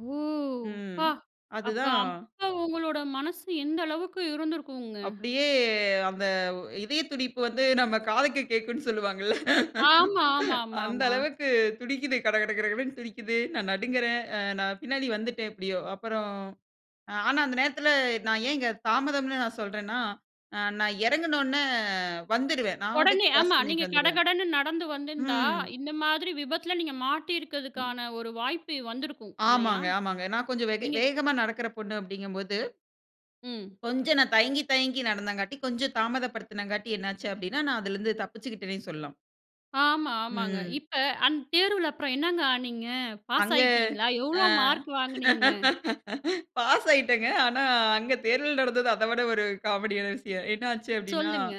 ஓ! ம். அப்பா அப்ப அதுதான். அப்ப உங்களோட மனசு எந்த அளவுக்கு இருந்திருக்குங்க? அப்படியே அந்த இதய துடிப்பு வந்து நம்ம காதுக்கு கேட்கும்னு சொல்வாங்கள்ல. ஆமா அந்த ஆமாமாமா. அளவுக்கு துடிக்குது, கடகட கடகடன்னு துடிக்குது, நான் நடுங்கறேன். அ நான் பின்னாடி வந்துட்டேன் எப்படியோ. அப்புறம் ஆனா, அந்த நேரத்தில நான் ஏன் இங்க தாமதம்னு நான் சொல்றேன்னா, நான் இறங்குன உடனே வந்துருவேன். நான் பாட்டுக்கு உடனே கிராஸ் ஆமா, நீங்க பண்ணிட்டு வந்துருவேன். கடகடன்னு நடந்து வந்திருந்தா ம். இந்த மாதிரி விபத்தில நீங்க மாட்டியிருக்கிறதுக்கான ஒரு வாய்ப்பு வந்திருக்கும் இல்லையா? ஆமாங்க ஆமாங்க. நான் கொஞ்சம் வெக நீங்க வேகமா நடக்கிற பொண்ணு அப்டிங்கம்போது ம். கொஞ்சம் நான் தயங்கி, தயங்கி நடந்தங்காட்டி, கொஞ்சம் தாமதப்படுத்தினங்காட்டி என்ன ஆச்சு அப்படினா, நான் அதில இருந்து தப்பிச்சுகிட்டேன்னு சொல்லலாம். ஆமா ஆமாங்க. ம். இப்ப அந்த தேர்வுல அப்புறம் என்னங்க ஆனீங்க? நீங்க பாஸ் அங்க, ஆகிட்டீங்களா? ஆ. எவ்வளோ மார்க் வாங்கினீங்கங்க? பாஸ் ஆயிட்டேங்க. ஆனா, அங்க தேர்தல் நடந்தது அத விட ஒரு காமெடியான விஷயம். என்ன ஆச்சு அப்படினா, சொல்லுங்க.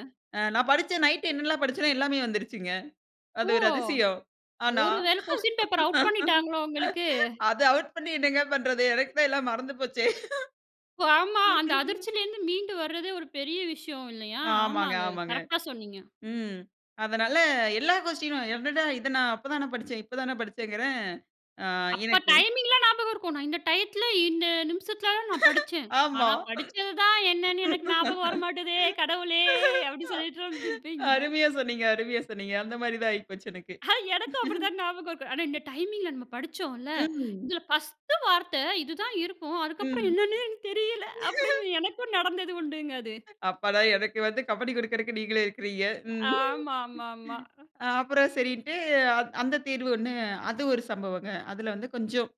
நான் படிச்சேன் நைட் என்னெல்லாம் படிச்சேனோ எல்லாமே வந்துருச்சுங்க. அது ஓ! ஒரு அதிசயம். ஆனா ஒரு வேள கொஸ்டின் பேப்பர் அவுட் பண்ணிட்டாங்களோ உங்களுக்கு? அது ஆவுட் பண்ணி என்னங்க பண்றது? எனக்கு தான் எல்லாமே மறந்து போச்சே. ஆமா, அந்த அதிர்ச்சியிலிருந்து மீண்டு வரதே ஒரு பெரிய விஷயம் இல்லையா? ஆமாங்க, ஆமாங்க ஆமாங்க. கரெக்டா சொன்னீங்க. ம், அதனால எல்லா கொஸ்டினும், என்னடா இத நான் அப்ப தானே படிச்சேன்! இப்ப தானே படிச்சேங்கிறேன். ஆ, அப்ப எனக்கு டைமிங்லா ஞாபகம் இருக்கும். நான் இந்த டயத்துல, இந்த நிமிஷத்துல தான் நான் படிச்சேன். ஆமா. ஆனா, படிச்சது தான் என்னன்னு எனக்கு ஞாபகம் வர மாட்டுதே கடவுளே! அப்டி சொல்லிட்டு வந்துருப்பீங்க. அருமையா சொன்னீங்க, அருமையா சொன்னீங்க. அந்த மாரி தான் ஆகிபோச்சு எனக்கு. எனக்கும் அப்படிதான் ஞாபகம் இருக்கும். ஆனா, இந்த டைமிங்ல நம்ம படிச்சோம்ல, ம். "இதுல பர்ஸ்ட் வார்த்த இதுதான் இருக்கும். அதுக்கப்புறம் ம். என்னன்னே எனக்கு தெரியல." அப்படின்னு எனக்கும் நடந்தது உண்டுங்க அது. அப்பாடா! எனக்கு வந்து கம்பனி குடுக்கிறதுக்கு நீங்களும் இருக்கிறீங்க. ம் ஆமாமாமா. அப்புறம் சரின்னுட்டு அந் அந்த தேர்வு ஒண்ணு அது ஒரு சம்பவங்க. அதுல வந்து கொஞ்சம்